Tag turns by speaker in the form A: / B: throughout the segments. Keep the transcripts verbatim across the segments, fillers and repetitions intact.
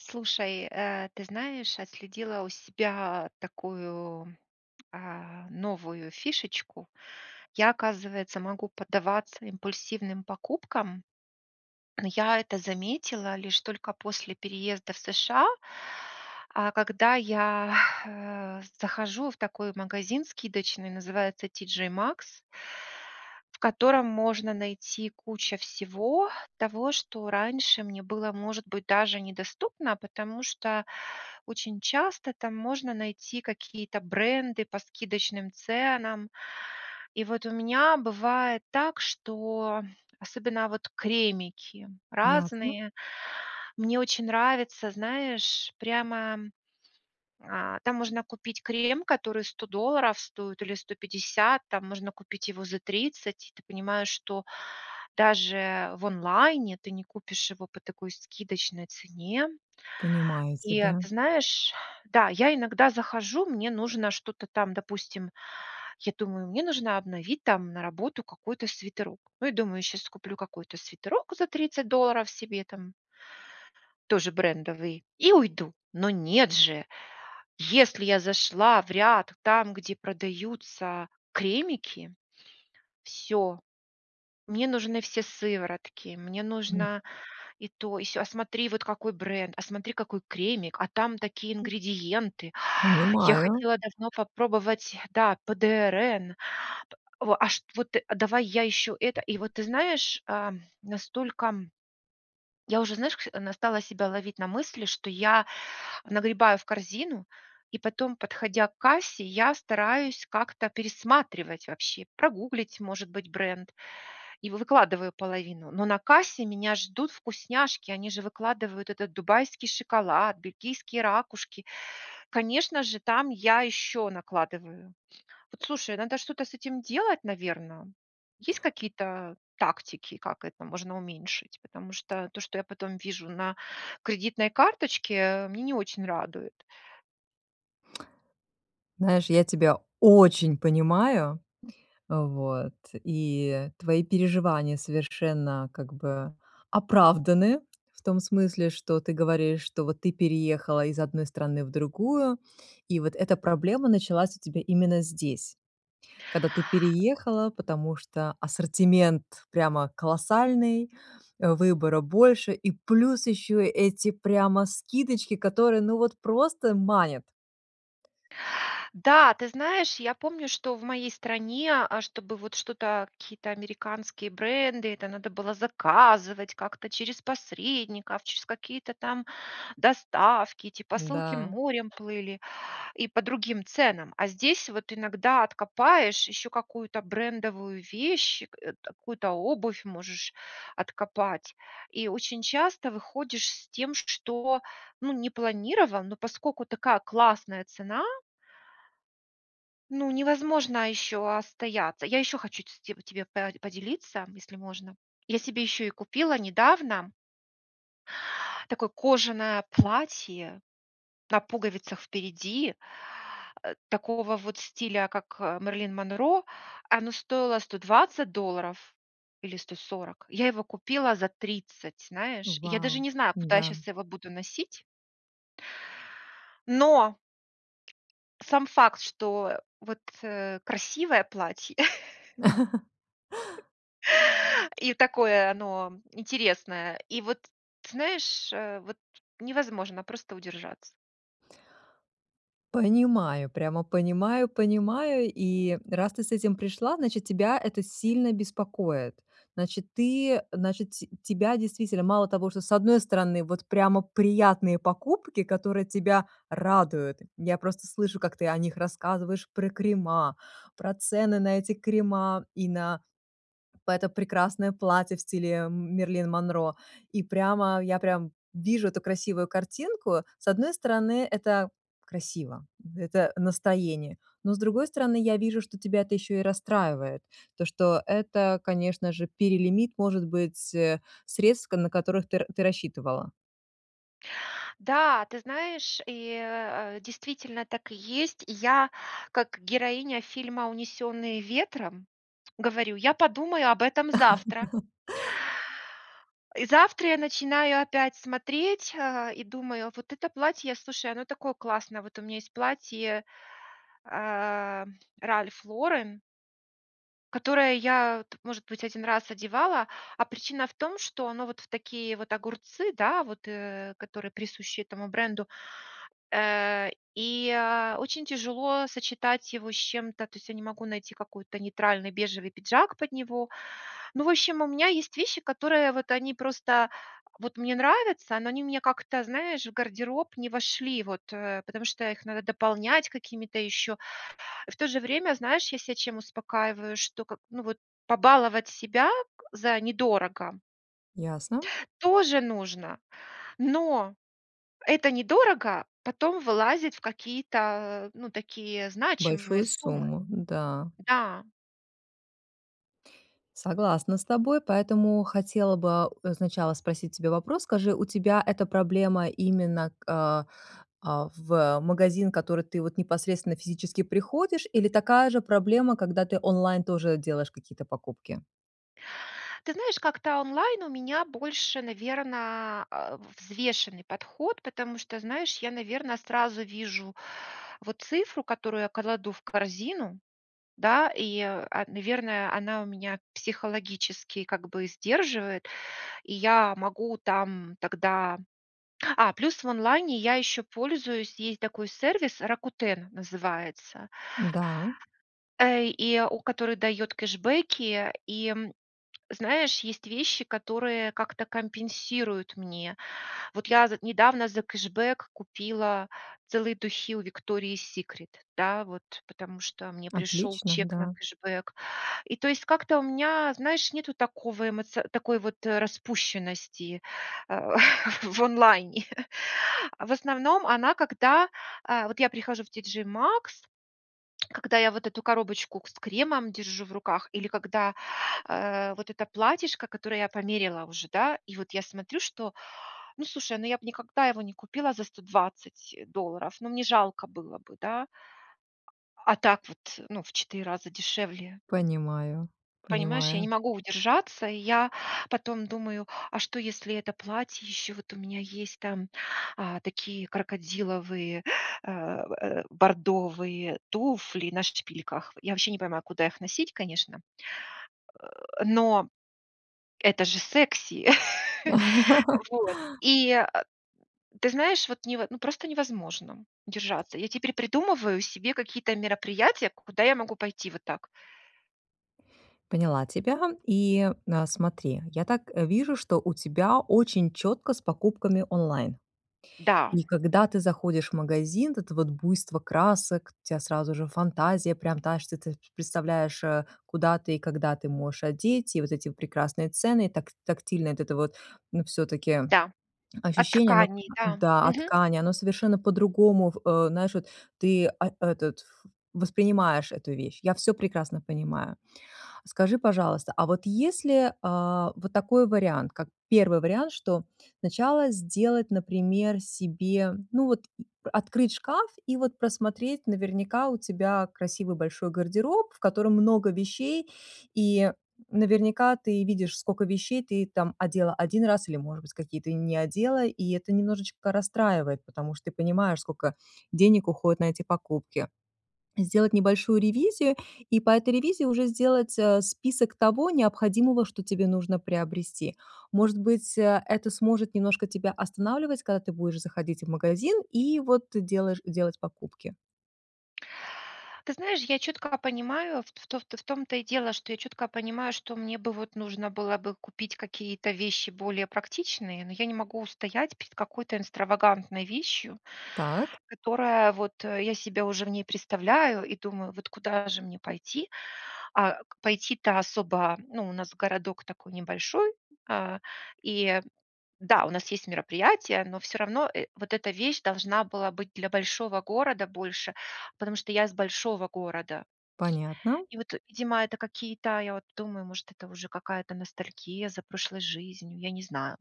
A: Слушай, э, ты знаешь, отследила у себя такую, а, новую фишечку. Я, оказывается, могу поддаваться импульсивным покупкам. Но я это заметила лишь только после переезда в США, а, когда я, э, захожу в такой магазин скидочный, называется TJ Maxx в котором можно найти куча всего того, что раньше мне было, может быть, даже недоступно, потому что очень часто там можно найти какие-то бренды по скидочным ценам. И вот у меня бывает так, что особенно вот кремики
B: Ясно.
A: разные. Мне очень нравится, знаешь, прямо а, там можно купить крем, который сто долларов стоит или сто пятьдесят, там можно купить его за тридцать, и ты понимаешь, что даже в онлайне ты не купишь его по такой скидочной цене.
B: Понимаю
A: И
B: тебя.
A: ты знаешь, да, я иногда захожу, мне нужно что-то там, допустим, я думаю, мне нужно обновить там на работу какой-то свитерок. Ну, я думаю, сейчас куплю какой-то свитерок за тридцать долларов себе там тоже брендовый, и уйду. Но нет же! Если я зашла в ряд там, где продаются кремики- всё. Мне нужны все сыворотки, мне
B: М.
A: нужна и то, и се, а смотри, вот какой бренд, а смотри, какой кремик, а там такие ингредиенты, я
B: Понимаю.
A: хотела давно попробовать, да, ПДРН, п в а, шт вот ты, а давай я еще это. И вот ты знаешь, ам, настолько, м, я уже, знаешь кш на, стала себя ловить на мысли, что я нагребаю в корзину, и потом, подходя к кассе, я стараюсь как-то пересматривать вообще, прогуглить, может быть, бренд, и вы выкладываю половину. Но на кассе меня ждут вкусняшки, они же выкладывают этот дубайский шоколад, бельгийские ракушки. Конечно же, там я еще накладываю. Вот слушай, надо что-то с этим делать, наверное. Есть какие-то тактики, как это можно уменьшить? Потому что то, что я потом вижу на кредитной карточке, мне не очень радует.
B: Знаешь, я тебя очень понимаю. Вот. И твои переживания совершенно как бы оправданы в том смысле, что ты говоришь, что вот ты переехала из одной страны в другую. И вот эта проблема началась у тебя именно здесь, когда ты переехала, потому что ассортимент прямо колоссальный, а выбора больше и плюс ещё эти прямо скидочки, которые ну вот просто манят.
A: Да, ты знаешь, я помню, что в моей стране, а, чтобы вот что-то, какие-то американские бренды, это надо было заказывать как-то через посредников, через какие-то там доставки, эти посылки
B: Да.
A: морем плыли и по другим ценам. А здесь вот иногда откопаешь еще какую-то брендовую вещь, к э, какую-то обувь можешь откопать. И очень часто выходишь с тем, что ну не планировал, но поскольку такая классная цена ну невозможно еще остояться. Я еще хочу ц ть тебе по поделиться, если можно. Я себе еще и купила недавно такое кожаное платье на пуговицах впереди, э, такого вот стиля как, э, Мэрилин Монро, оно стоило сто двадцать долларов или сто сорок, я его купила за тридцать, знаешь. Я даже
B: Вау,
A: не знаю, куда я
B: да.
A: сейчас его буду носить. Но! Сам факт, что, вот, э, красивое платье. И такое оно интересное. И вот, ты знаешь, э, вот, невозможно просто удержаться.
B: Понимаю, прямо понимаю понимаю. И раз ты с этим пришла, значит, тебя это сильно беспокоит. Значит, ты значит ть тебя действительно мало того, что с одной стороны, вот прямо приятные покупки, которые тебя радуют. Я просто слышу, как ты о них рассказываешь про крема, про цены на эти крема и на п это прекрасное платье в стиле, эм, Мэрилин Монро. И прямо, я прям вижу эту красивую картинку. С одной стороны, это красиво, это настроение, но с другой стороны, я вижу, что тебя это ещё и расстраивает. То, что это, конечно же, перелимит, может быть, э, средств к на которых ты р ты рассчитывала.
A: Да, ты знаешь, и, э, действительно, так и есть. Я как героиня фильма "Унесенные ветром" говорю: "Я подумаю об этом завтра". И завтра я начинаю опять смотреть, а, и думаю, вот это платье, слушай, оно такое классное. Вот у меня есть платье, а, Ralph Lauren которое я т может быть, один раз одевала, а причина в том, что оно вот в такие вот огурцы, да, вот, э, которые присущи этому бренду. Э, и, а, очень тяжело сочетать его с чем-то, то есть я не могу найти какой-то нейтральный бежевый пиджак под него. Ну, в общем, у меня есть вещи, которые вот они просто вот мне нравятся, но они мне как-то, знаешь, в гардероб не вошли вот, э, потому что их надо дополнять какими-то еще И в то же время, знаешь, я ся чем успокаиваю, что к ну вот, побаловать себя к за недорого
B: Ясно.
A: тоже нужно, но это "недорого" потом вылазит в какие-то, а, ну, такие значимые
B: Большую
A: суммы.
B: сумму. Да.
A: Да.
B: Согласна с тобой, поэтому хотела бы, а, у, сначала спросить у тебя вопрос. Скажи, у тебя эта проблема именно к а, а, в магазин, в который ты вот непосредственно физически приходишь или такая же проблема, когда ты онлайн тоже делаешь какие-то покупки?
A: Ты знаешь, как-то онлайн у меня больше, наверное, а, взвешенный подход, потому что, знаешь, я, наверно, сразу вижу вот цифру, которую я кладу в корзину, да, и, а, наверное, она у меня психологически как бы сдерживает, и я могу там тогда А, плюс в онлайне я еще пользуюсь, есть такой сервис Rakuten называется.
B: М, да.
A: Э, и у который дает кэшбэки, и, м, знаешь, есть вещи, которые как-то компенсируют мне. Вот я з недавно за кэшбэк купила целые духи у Victoria's Secret, да, вот потому что мне пришел
B: Отлично,
A: чек на
B: да.
A: кэшбэк. И то есть как-то у меня, знаешь, нету такого эмоци такой вот распущенности, а, в онлайне. А в основном она, когда, а, вот я прихожу в TJ Maxx, когда я вот эту коробочку к с кремом держу в руках, или когда, а, вот это платьишко, которое я померила уже, да, и вот я смотрю, что, ну, слушай, ну, я бы никогда его не купила за сто двадцать э, долларов, но мне жалко было бы, да? А так вот, ну, в четыре раза дешевле.
B: Понимаю,
A: Понимаешь, я не
B: понимаю.
A: могу удержаться, и я потом думаю: "А что, если это платье ещё, вот у меня есть там, а, такие крокодиловые, а, в, э, бордовые туфли на шпильках". Я вообще не понимаю, куда их носить, конечно. Э, но это же секси. Вот и, а ты знаешь вот нево ну, просто невозможно держаться. Я теперь придумываю себе какие-то мероприятия, куда я могу пойти вот так.
B: Поняла тебя. И, а, смотри, я так, э, вижу, что у тебя очень чётко с покупками онлайн.
A: Да.
B: И когда ты заходишь в магазин, вот это вот буйство красок, у тебя сразу же фантазия прям та что, ты представляешь, э, куда ты и когда ты можешь одеть. И вот эти прекрасные цены, и так тактильно вот это вот, ну, всё-таки
A: Да. От
B: ощущение, оно к
A: тканей, да.
B: да, от
A: Мгм.
B: ткани, оно совершенно по-другому в э, знаешь, вот, ты, а, этот ф воспринимаешь эту вещь, я всё прекрасно понимаю. Скажи, пожалуйста, а вот если, а, вот такой вариант, как первый вариант, что сначала сделать, например, себе, ну, вот, м, открыть шкаф и вот просмотреть. Наверняка у тебя красивый большой гардероб, в котором много вещей, и наверняка ты видишь, скока вещей ты там одела один раз или, может быть, какие-то и не одела, и это немножечко расстраивает, потому что ты понимаешь, скока денег уходит на эти покупки. Сделать небольшую ревизию, и по этой ревизии уже сделать, а, список того необходимого, что тебе нужно приобрести. Может быть, а, это сможет немножко тебя останавливать, когда ты будешь заходить в магазин и вот делаешь делать покупки?
A: Ты знаешь, я четко понимаю, в то в том-то и дело, что я четко понимаю, что мне бы, вот, нужно было бы купить какие-то вещи более практичные, но я не могу устоять перед какой-то экстравагантной вещью,
B: Так?
A: которая вот я себя уже в ней представляю и думаю, вот куда же мне пойти? А к пойти-то особо, ну, у нас городок такой небольшой, а, и, да, у нас есть мероприятия, но всё равно, э, вот эта вещь должна была быть для большого города больше, потому что я с большого города.
B: Понятно.
A: И вот, видимо, это какие-то, я, вот, думаю, может, это уже какая-то ностальгия за прошлой жизнью, я не знаю.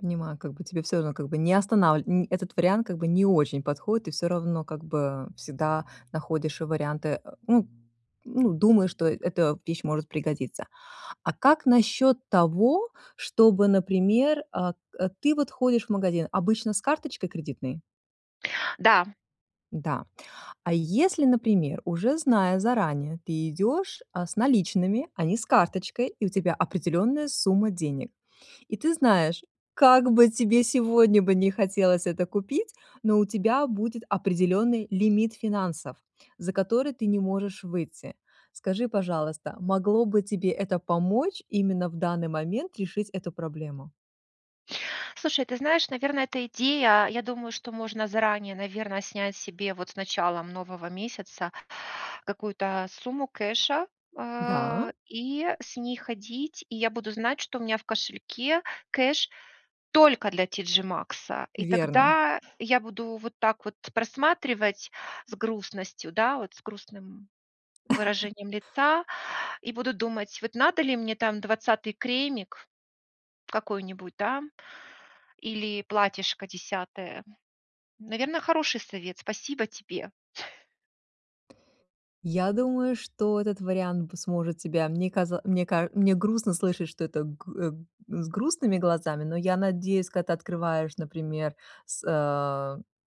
B: Понимаю, как бы тебе всё равно как бы не останавли нь этот вариант как бы не очень подходит и всё равно, как бы, а, всегда находишь варианты. А, ну ну думаешь что, э, эта вещь может пригодиться. А как насчёт того, чтобы, например, а, э, ты, вот, ходишь в магазин обычно с карточкой кредитной?
A: Да.
B: Да. А если, например, уже зная заранее, ты идёшь, а, с наличными, а не с карточкой, и у тебя определённая сумма денег. И ты знаешь, как бы тебе сегодня бы не хотелось это купить, но у тебя будет определённый лимит финансов, за который ты не можешь выйти. Скажи, пожалуйста, могло бы тебе это помочь именно в данный момент решить эту проблему?
A: Слушай, ты знаешь, наверное, эта идея, я думаю, что можно заранее, наверное, снять себе вот с началом нового месяца какую-то сумму кэша, а,
B: Да.
A: и с ней ходить, и я буду знать, что у меня в кошельке кэш только для TJ Maxx, и
B: Верно.
A: тогда я буду вот так вот просматривать с грустностью, да, вот, с грустным выражением лица, и буду думать, вот, надо ли мне, там, двадцатый кремик какой-нибудь, да, или платьишко десятое? Наверное, хороший совет. Спасибо тебе.
B: Я думаю, что этот вариант п сможет тебя, мне каза мне каж мне грустно слышать, что это гу э, с грустными глазами, но я надеюсь, когда ты открываешь, например, с э,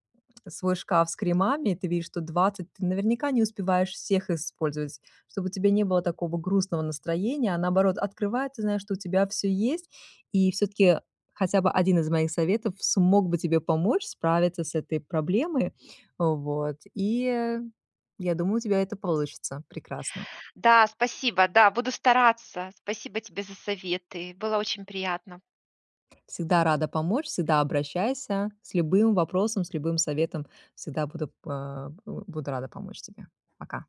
B: свой шкаф с кремами, ты видишь, что двадцать ты, наверняка, не успеваешь всех использовать, чтобы у тебя не было такого грустного настроения, а, наоборот, открывая, ты знаешь, что у тебя всё есть, и всё-таки хотя бы один из моих советов смог бы тебе помочь справиться с этой проблемой. Вот, и я думаю, у тебя это получится прекрасно.
A: Да, спасибо. Да, буду стараться. Спасибо тебе за советы. Было очень приятно.
B: Всегда рада помочь, всегда обращайся. С любым вопросом, с любым советом. Всегда буду п а, б буду рада помочь тебе. Пока.